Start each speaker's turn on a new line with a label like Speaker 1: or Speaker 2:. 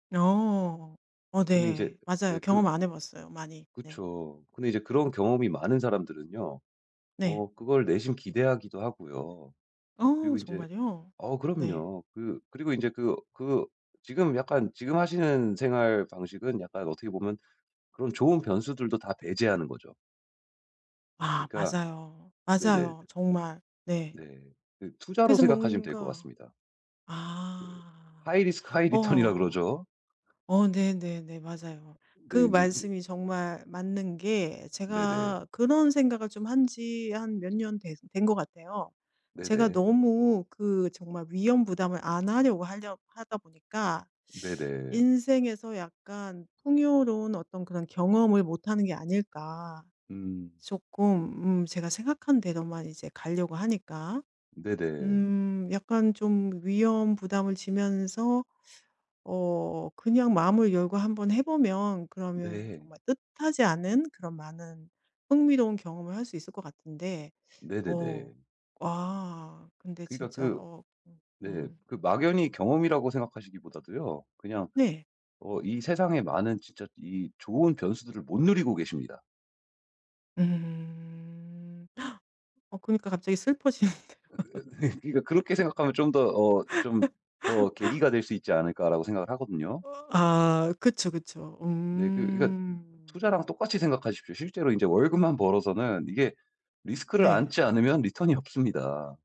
Speaker 1: 어 어
Speaker 2: 근데 이제
Speaker 1: 네.
Speaker 2: 네
Speaker 1: 맞아요.
Speaker 2: 그르
Speaker 1: 경험 안 해 봤어요 많이. 네.
Speaker 2: 그쵸. 근데 이제 그런 경험이 많은 사람들은요
Speaker 1: 네.
Speaker 2: 어 그걸 내심 기대하기도 하고요.
Speaker 1: 어
Speaker 2: 그리고 인제
Speaker 1: 정말이요?
Speaker 2: 어
Speaker 1: 네.
Speaker 2: 그럼요. 그 그리고 인제 그, 그 지금 약간 지금 하시는 생활 방식은 약간 어떻게 보면 그런 좋은 변수들도 다 배제하는 거죠.
Speaker 1: 아
Speaker 2: 그니까
Speaker 1: 맞아요.
Speaker 2: 네네.
Speaker 1: 맞아요 정말. 네.
Speaker 2: 네. 그 투자로
Speaker 1: 그래서
Speaker 2: 생각하시면 될 것
Speaker 1: 뭔가
Speaker 2: 같습니다. 그
Speaker 1: 아.
Speaker 2: high risk, high return이라
Speaker 1: 어.
Speaker 2: 그러죠.
Speaker 1: 어 네네네. 맞아요.
Speaker 2: 네.
Speaker 1: 그
Speaker 2: 인제 근데
Speaker 1: 말씀이 정말 맞는 게
Speaker 2: 네네.
Speaker 1: 제가 그런 생각을 좀 한 지 한 몇 년 된 된 것 같아요. 제가
Speaker 2: 네네.
Speaker 1: 너무 그 정말 위험 부담을 안 하려고 하려 하다 보니까
Speaker 2: 네네.
Speaker 1: '인생에서 약간 풍요로운 어떤 그런 경험을 못 하는 게 아닐까?'
Speaker 2: 음.
Speaker 1: 조끔 음 제가 생각한 대로만 이제 가려고 하니까.
Speaker 2: 네네.
Speaker 1: 음 약간 좀 위험 부담을 지면서 어 그냥 마음을 열고 한번 해 보면 그러면
Speaker 2: 네.
Speaker 1: 정말 뜻하지 않은 그런 많은 흥미로운 경험을 할 수 있을 것 같은데. 어
Speaker 2: 네네네.
Speaker 1: 와 근데
Speaker 2: 그니까
Speaker 1: 진짜
Speaker 2: 그
Speaker 1: 어 음
Speaker 2: 네
Speaker 1: 음.
Speaker 2: 그 막연히 경험이라고 생각하시기보다도요. 그냥
Speaker 1: 네.
Speaker 2: 어 이 세상에 많은 진짜 이 좋은 변수들을 못 누리고 계십니다.
Speaker 1: 음. 어 그니까 갑자기 슬퍼지는데요.
Speaker 2: 으 네. 그니까 '그렇게 생각하면 좀 더 어 좀 더 계기가 될 수 있지 않을까?'라고 생각을
Speaker 1: 어.
Speaker 2: 하거든요.
Speaker 1: 어 아 그쵸, 그쵸.
Speaker 2: 네. 그 그러니까
Speaker 1: 음.
Speaker 2: 투자랑 똑같이 생각하십시오. 실제로 인제 월급만 벌어서는 이게 리스크를
Speaker 1: 네.
Speaker 2: 안지 않으면 리턴이 없습니다.